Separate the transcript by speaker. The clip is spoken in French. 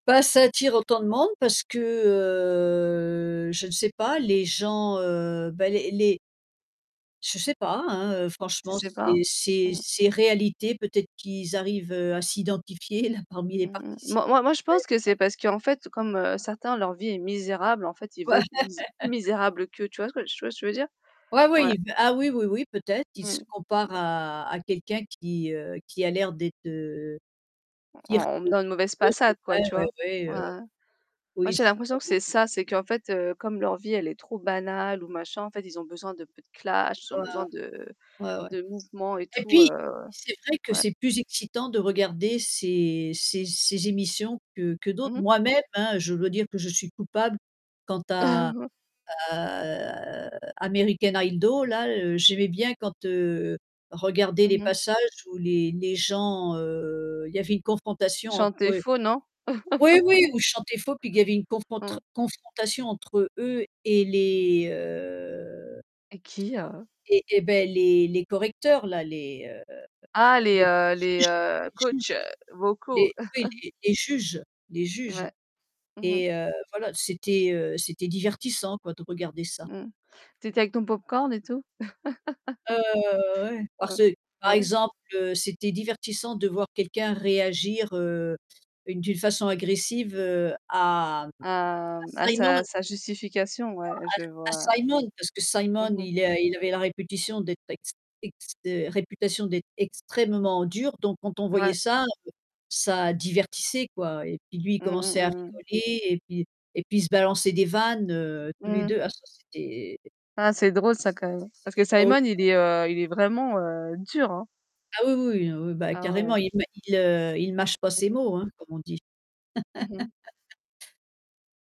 Speaker 1: Bah ça attire autant de monde parce que, heu je ne sais pas, les gens, heu, bah, les les Je sais pas, hein, heu,
Speaker 2: Tu
Speaker 1: franchement
Speaker 2: sais pas?
Speaker 1: c'est c'est
Speaker 2: Mmh.
Speaker 1: c'est réalité, peut-être qu'ils arrivent, heu, à s'identifier là parmi les
Speaker 2: Mmh mh,
Speaker 1: participants.
Speaker 2: moi moi, je pense
Speaker 1: Ouais.
Speaker 2: que c'est parce qu'en fait, comme, heu, certains, leur vie est misérable, en fait, ils veulent plus plus misérable qu'eux, tu vois ce tu vois ce que je veux dire?
Speaker 1: Ouais,
Speaker 2: Ouais.
Speaker 1: ah oui, oui, oui peut-être, ils se
Speaker 2: Mmh.
Speaker 1: comparent à à quelqu'un qui, heu, qui a l'air d'être, heu
Speaker 2: On on me
Speaker 1: [unintelligible]
Speaker 2: donne une mauvaise
Speaker 1: C'est
Speaker 2: façade quoi,
Speaker 1: vrai
Speaker 2: tu
Speaker 1: ouais,
Speaker 2: vois?
Speaker 1: ouais,
Speaker 2: Ouais,
Speaker 1: heu,
Speaker 2: moi,
Speaker 1: oui
Speaker 2: j'ai l'impression que
Speaker 1: [unintelligible]
Speaker 2: c'est ça, c'est qu'en fait, heu, comme leur vie, elle est trop banale ou machin, en fait, ils ont besoin d'un peu de clashs, ils ont besoin de
Speaker 1: [unintelligible] Ouais, ouais
Speaker 2: de mouvements et
Speaker 1: et
Speaker 2: tout,
Speaker 1: puis
Speaker 2: heu,
Speaker 1: c'est vrai que
Speaker 2: ouais.
Speaker 1: c'est plus excitant de regarder ces ces ces émissions que que d'autres.
Speaker 2: Mmh mh.
Speaker 1: Moi-même hein, je dois dire que je suis coupable quant à à, heu, American Hido. Là, heu, j'aimais bien quand, heu, je regardais
Speaker 2: Mmh
Speaker 1: les
Speaker 2: mh.
Speaker 1: passages où les les gens, heu, il y avait une confrontation entre
Speaker 2: Chanter
Speaker 1: eux.
Speaker 2: faux non?
Speaker 1: Oui oui, où ils chantaient faux puisqu'il y avait une conf une
Speaker 2: Mmh.
Speaker 1: confrontation entre eux et les, heu
Speaker 2: Et qui heu?
Speaker 1: Et et bah, les les correcteurs là, les, heu
Speaker 2: Ah les,
Speaker 1: les
Speaker 2: heu les,
Speaker 1: juges
Speaker 2: heu,
Speaker 1: les
Speaker 2: coachs
Speaker 1: juges.
Speaker 2: vocaux.
Speaker 1: Les, oui, les juges les juges.
Speaker 2: Ouais, mmh mh.
Speaker 1: Et, heu, voilà, c'était, heu, c'était divertissant quoi de regarder ça.
Speaker 2: Mmh, tu étais avec ton pop-corn et tout?
Speaker 1: Ouais, ouais, ouais, ouais, ouais, ouais, parce
Speaker 2: Heu,
Speaker 1: que par
Speaker 2: ouais.
Speaker 1: exemple, heu, c'était divertissant de voir quelqu'un réagir, heu, d'une façon agressive, heu, à à
Speaker 2: À, mmh, à
Speaker 1: Simon.
Speaker 2: sa sa justification,
Speaker 1: Non
Speaker 2: ouais, je
Speaker 1: à l à
Speaker 2: vois.
Speaker 1: Simon, parce que Simon
Speaker 2: Mmh mh.
Speaker 1: il est il avait la réputation d'être ex ex heu, réputation d'être extrêmement dur, donc quand on voyait
Speaker 2: Ouais.
Speaker 1: ça ça divertissait quoi, et puis lui il
Speaker 2: Mmh mh,
Speaker 1: commençait à
Speaker 2: mmh mh.
Speaker 1: rigoler et puis et puis il se balançait des vannes, heu, tous les
Speaker 2: Mmh.
Speaker 1: 2, ah ça c'etait
Speaker 2: Ah, c'est drôle ça quand même, parce que
Speaker 1: c'était drôle.
Speaker 2: Simon il est, heu, il est vraiment, heu, dur hein.
Speaker 1: Ah, oui, oui, non, ouais, bah,
Speaker 2: Ah
Speaker 1: carrément
Speaker 2: ouais.
Speaker 1: il me, il, heu, il mâche pas
Speaker 2: Mmh
Speaker 1: ses
Speaker 2: mh.
Speaker 1: mots hein comme on dit.
Speaker 2: Mmh mh.